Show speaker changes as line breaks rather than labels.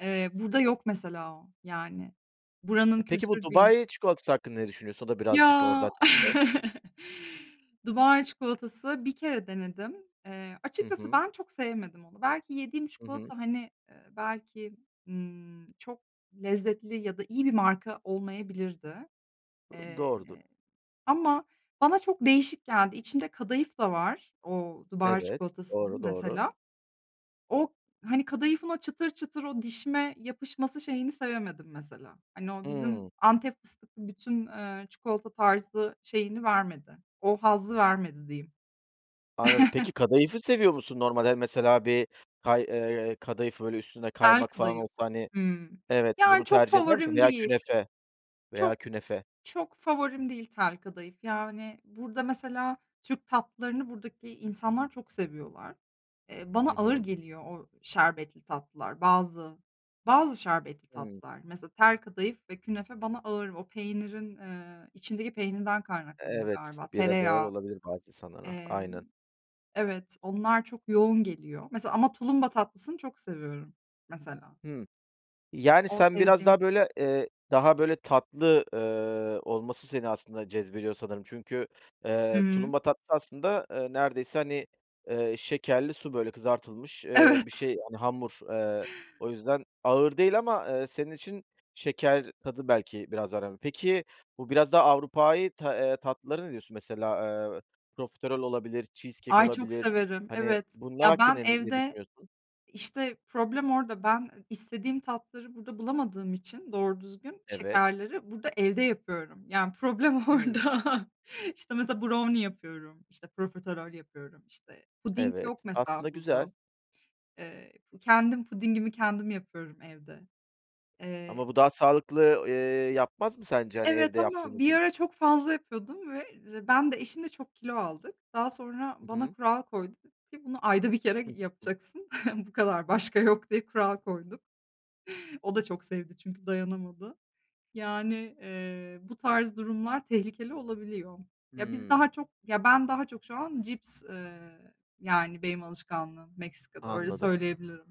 Eee, burada yok mesela o, yani buranın
E peki, bu
kültürü değil.
Dubai çikolatası hakkında ne düşünüyorsun? O da birazcık
Ya.
oradan çıktı.
Dubai çikolatası, bir kere denedim. Eee,
Hı
açıkçası
hı.
ben çok sevmedim onu. Belki yediğim
Hı hı.
çikolata, hani, ııı, belki, ııı, çok lezzetli ya da iyi bir marka olmayabilirdi,
Iıı,
eee,
doğrudur.
ama bana çok değişik geldi. İçinde kadayıf da var o Dubai
Evet,
çikolatasının
doğru, doğru.
mesela. O, hani, kadayıfın o çıtır çıtır, o dişime yapışması şeyini sevemedim mesela. Hani, o bizim
Hıı.
Antep fıstıklı bütün, eee, çikolata tarzı şeyini vermedi. O hazzı vermedi, diyeyim.
Anladım, peki kadayıfı seviyor musun? Normalde, hani, mesela, bir kay eee, kadayıfı, böyle üstünde
Tel
kaymak falan
kadayıf,
olsa, hani,
hıı,
evet,
yani,
bunu
çok
tercih eder misin?
favorim
Veya
değil.
künefe, veya
Çok
künefe.
çok favorim değil tel kadayıf, yani, burada, mesela, Türk tatlılarını buradaki insanlar çok seviyorlar. Eee, bana
Hı
ağır
hı.
geliyor o şerbetli tatlılar. Bazı, bazı şerbetli
Hı.
tatlılar, mesela, tel kadayıf ve künefe, bana ağır. O, peynirin, eee, içindeki peynirden
E
kaynaklanıyor
evet,
galiba.
biraz ağır
Tereyağı,
olabilir bazı insanlara,
emm,
aynen.
evet, onlar çok yoğun geliyor. Mesela ama tulumba tatlısını çok seviyorum, mesela.
Hı, yani,
O
sen biraz
sevdiğim.
daha böyle, eee, daha böyle tatlı, eee, olması seni aslında cezbediyor, sanırım. Çünkü, eee,
Hıı.
tulumba tatlısı, aslında, eee, neredeyse, hani, eee, şekerli su, böyle kızartılmış, eee, bir
Evet.
şey, hani, hamur, eee, o yüzden ağır değil ama, eee, senin için şeker tadı belki biraz önemli. Peki, bu biraz daha Avrupai ta eee, tatlılara ne diyorsun? Mesela, eee, profiterol olabilir, cheesecake
Ay, çok
olabilir.
severim,
Hani,
evet.
bunlar
Ya, ben
hakkında ne ne
evde,
düşünüyorsun?
işte, problem orada. Ben istediğim tatları burada bulamadığım için, doğru düzgün
Evet.
şekerleri burada, evde yapıyorum. Yani, problem orada.
Hı.
İşte, mesela, brownie yapıyorum, işte, profiterol yapıyorum, işte, puding yok
Evet, aslında
mesela burada.
güzel.
Eee, kendim pudingimi kendim yapıyorum evde, eee
Ama bu daha sağlıklı, eee, yapmaz mı sence, hani,
Evet,
evde yaptığın
ama bir
için?
ara çok fazla yapıyordum ve, eee, ben de, eşim de çok kilo aldık. Daha sonra
Hı
bana
hı.
kural koydu dedi ki: "Bunu ayda 1 kere
[unintelligible]
yapacaksın." Bu kadar, başka yok diye kural koyduk. O da çok sevdi çünkü dayanamadı. Yani, eee, bu tarz durumlar tehlikeli olabiliyor. Ya, biz
Hıı.
daha çok, ya ben daha çok, şu an cips, eee, yani, benim alışkanlığım Meksika'da öyle,
Anladım.
söyleyebilirim.